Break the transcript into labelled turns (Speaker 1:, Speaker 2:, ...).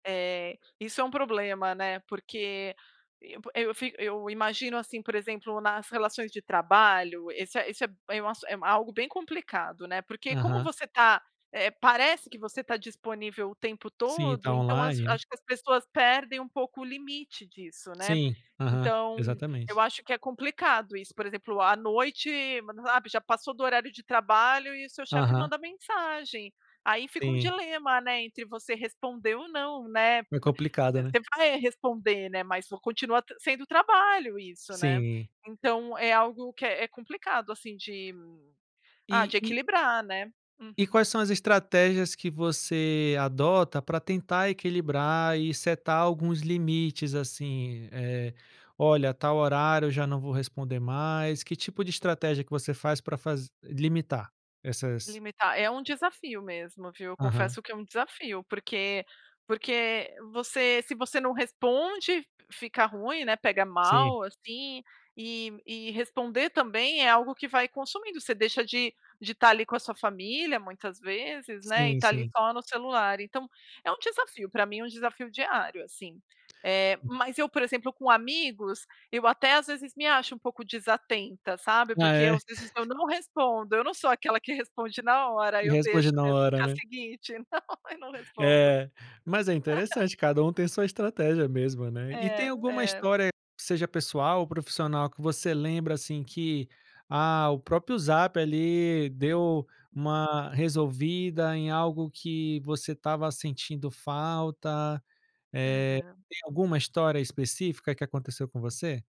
Speaker 1: Eh, isso é um problema, né, porque eu fi eu imagino, assim, por exemplo, nas relações de trabalho, esse é isso é esse é algo bem complicado, né, porque como
Speaker 2: Aham.
Speaker 1: você tá, eh, parece que você tá disponível o tempo
Speaker 2: Sim,
Speaker 1: todo,
Speaker 2: tá
Speaker 1: então acho
Speaker 2: online, né.
Speaker 1: que as pessoas perdem um pouco o limite disso, né,
Speaker 2: Sim, aham,
Speaker 1: então, eu
Speaker 2: exatamente.
Speaker 1: acho que é complicado isso, por exemplo, à noite, mas sabe, já passou do horário de trabalho e o seu chefe
Speaker 2: Aham.
Speaker 1: manda mensagem. Aí fica um
Speaker 2: Sim.
Speaker 1: dilema, né, entre você responder ou não, né?
Speaker 2: É
Speaker 1: Mas
Speaker 2: complicado, né.
Speaker 1: você vai responder, né, mas continua sendo trabalho isso, né,
Speaker 2: Sim.
Speaker 1: então é algo que é é complicado assim de, ah de
Speaker 2: E e
Speaker 1: equilibrar, né,
Speaker 2: e
Speaker 1: uhum.
Speaker 2: quais são as estratégias que você adota para tentar equilibrar e setar alguns limites assim, eh, "Olha, tal horário eu já não vou responder mais", que tipo de estratégia que você faz para fazer limitar essas
Speaker 1: Limitar, é um desafio mesmo, viu?
Speaker 2: Aham.
Speaker 1: Confesso que é um desafio, porque porque você se você não responde, fica ruim, né, pega
Speaker 2: Sim.
Speaker 1: mal assim, e e responder também é algo que vai consumindo, você deixa de de tá ali com a sua família muitas vezes, né, e
Speaker 2: Sim,
Speaker 1: tá ali
Speaker 2: sim.
Speaker 1: só no celular então, é um desafio, para mim é um desafio diário, assim. Eh, mas eu por exemplo com amigos, eu até às vezes me acho um pouco desatenta, sabe?
Speaker 2: Ah,
Speaker 1: Porque eu
Speaker 2: é?
Speaker 1: não respondo, eu não sou aquela que responde na hora, aí
Speaker 2: E
Speaker 1: eu deixo
Speaker 2: responde na
Speaker 1: mesmo no
Speaker 2: hora,
Speaker 1: dia
Speaker 2: né.
Speaker 1: seguinte, não, eu não respondo.
Speaker 2: Eh, mas é interessante, cada um tem sua estratégia mesmo, né. E e tem
Speaker 1: É,
Speaker 2: alguma
Speaker 1: é.
Speaker 2: história, seja pessoal ou profissional, que você lembra assim que, ah, o próprio Zap ali deu uma resolvida em algo que você estava sentindo falta, eh,
Speaker 1: Aham.
Speaker 2: tem alguma história específica que aconteceu com você?